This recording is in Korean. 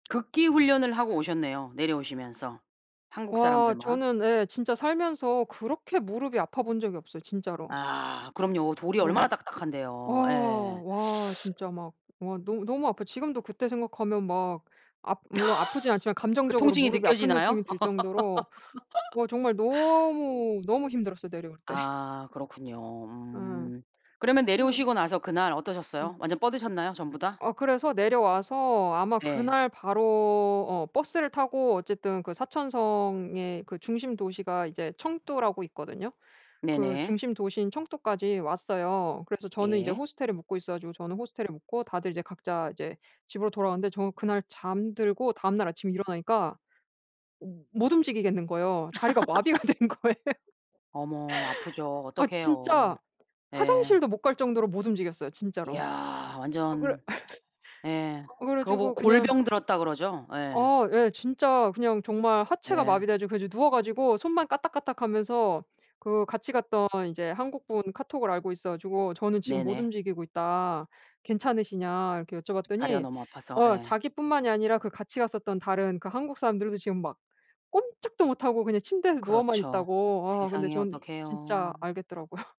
극기 훈련을 하고 오셨네요. 내려오시면서 한국 와 사람들만. 저는 예 진짜 살면서 그렇게 무릎이 아파본 적이 없어요 진짜로. 아 그럼요. 돌이 얼마나 뭐 딱딱한데요. 와 예. 와 진짜 막 와 너 너무 아파요. 지금도 그때 생각하면 막 압 물론 아프진 않지만 그 감정적으로 통증이 무릎이 아픈 느낌이 느껴지나요? 들 정도로 와 정말 너무, 너무 힘들었어요. 내려올 때. 아 그렇군요. 으. 음. 그러면 음. 내려오시고 나서 그날 음. 어떠셨어요? 완전 뻗으셨나요? 전부 다? 어 그래서 내려와서 아마 네. 그날 바로 어 버스를 타고 어쨌든 그 사천성의 그 중심 도시가 이제 청두라고 있거든요. 그 네네. 중심 도시인 청두까지 왔어요. 그래서 저는 이제 예. 호스텔에 묵고 있어 가지고 저는 호스텔에 묵고 다들 이제 각자 이제 집으로 돌아갔는데 저 그날 잠들고 다음날 아침에 일어나니까 어 못 움직이겠는 거에요. 다리가 마비가 된 거예요. 어머 아프죠. 아 어떡해요. 진짜 예. 화장실도 못 갈 정도로 못 움직였어요. 진짜로. 야 아 그래 완전 예. 그 그래 그거 보고 가지고 그냥 골병 들었다고 그러죠. 예. 아 예 진짜 그냥 정말 하체가 예. 마비돼 가지고 그래서 누워 가지고 손만 까딱까딱하면서 그 같이 갔던 이제 한국분 카톡을 알고 있어 가지고 "저는 지금 못 네네. 움직이고 있다. 괜찮으시냐." 이렇게 다리가 여쭤봤더니 너무 아파서. 어 예. 자기 뿐만이 아니라 그 같이 갔었던 다른 그 한국 사람들도 지금 막 꼼짝도 못 하고 그냥 침대에서 누워만 그렇죠. 있다고. 아 근데 세상에 전 진짜 어떡해요. 알겠더라고요.